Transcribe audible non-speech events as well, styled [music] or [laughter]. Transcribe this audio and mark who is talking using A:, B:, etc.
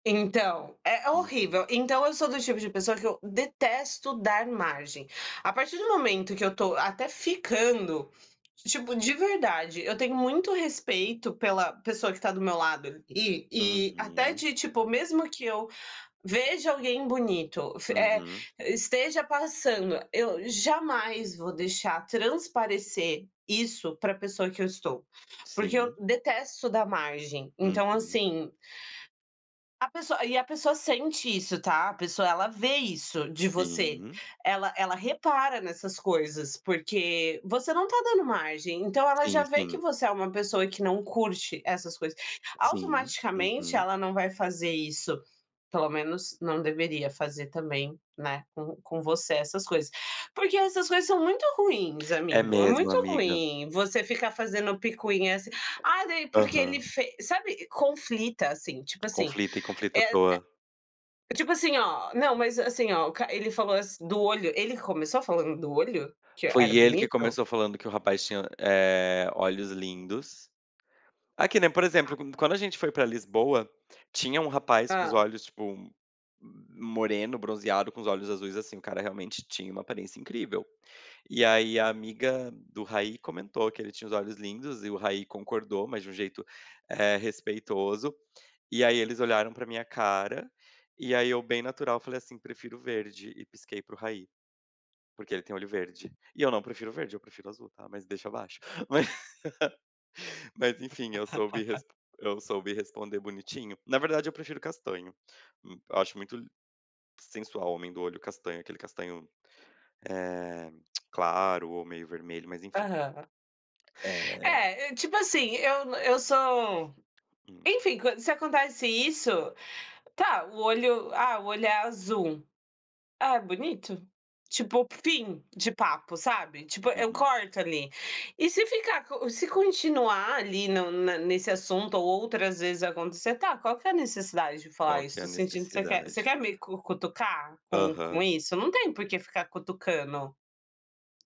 A: Então, é
B: Uhum.
A: horrível. Então eu sou do tipo de pessoa que eu detesto dar margem. A partir do momento que eu tô até ficando, tipo de verdade, eu tenho muito respeito pela pessoa que tá do meu lado ali e até
B: Uhum.
A: de, tipo, mesmo que eu veja alguém bonito, fi eh,
B: Uhum.
A: esteja passando. Eu jamais vou deixar transparecer isso pra pessoa que eu estou, porque eu
B: Sim.
A: detesto dá margem. Então
B: Uhum.
A: assim a pessoa e a pessoa sente isso, tá? A pessoa ela vê isso de você,
B: Sim.
A: ela ela repara nessas coisas, porque você não tá dando margem, então ela já
B: Sim,
A: vê que
B: sim.
A: você é uma pessoa que não curte essas coisas,
B: Sim,
A: automaticamente
B: uhum.
A: ela não vai fazer isso, pelo menos não deveria fazer também, né, com com você essas coisas. Porque essas coisas são muito ruins,
B: É
A: amigo. É
B: mesmo,
A: muito
B: amiga.
A: ruim você ficar fazendo picuinha assim, ah daí porque ele
B: Aham.
A: fe sabe? Conflita assim, tipo assim,
B: Conflita e conflita à
A: eh,
B: toa.
A: é tipo assim oh não, mas assim oh, o ca ele falou assim do olho, ele começou falando do olho? Que
B: Foi
A: era
B: ele que
A: bonito?
B: começou falando que o rapaz tinha, eh, olhos lindos. Aqui, né, por exemplo,
A: Tá.
B: qu quando a gente foi pra Lisboa, tinha um rapaz com os
A: Hã.
B: olhos, tipo, m m moreno, bronzeado, com os olhos azuis, assim, o cara realmente tinha uma aparência incrível. E, aí, a amiga do Raí comentou que ele tinha os olhos lindos e o Raí concordou, mas de um jeito, eh, respeitoso. E, aí, eles olharam pra minha cara, e aí eu bem natural, falei assim: "Prefiro verde". e pisquei para o Raí, porque ele tem olho verde. E eu não prefiro verde, eu prefiro azul, tá, mas deixa baixo. [laughs] Mas enfim eu soube
A: [laughs]
B: res eu soube responder bonitinho. Na verdade, eu prefiro castanho. Hum, eu acho muito li sensual homem do olho castanho, aquele castanho, eh, [clicks tongue] claro ou meio vermelho, mas enfim.
A: Aham.
B: Eh
A: É, e tipo assim, eu eu sou,
B: Hum.
A: enfim, quan se acontece isso, tá, o olho ah, o olho é azul. "É, bonito", tipo, fim de papo, sabe? Tipo, eu
B: Uhum.
A: corto ali. E se ficar co se continuar ali no na nesse assunto ou outras vezes acontecer. "Tá, qual que é a necessidade de falar
B: Qual que
A: isso?
B: é
A: Tô
B: a
A: sentindo que você quer você
B: necessidade?
A: quer me cu cutucar com com
B: Aham.
A: isso, não tem porque ficar cutucando".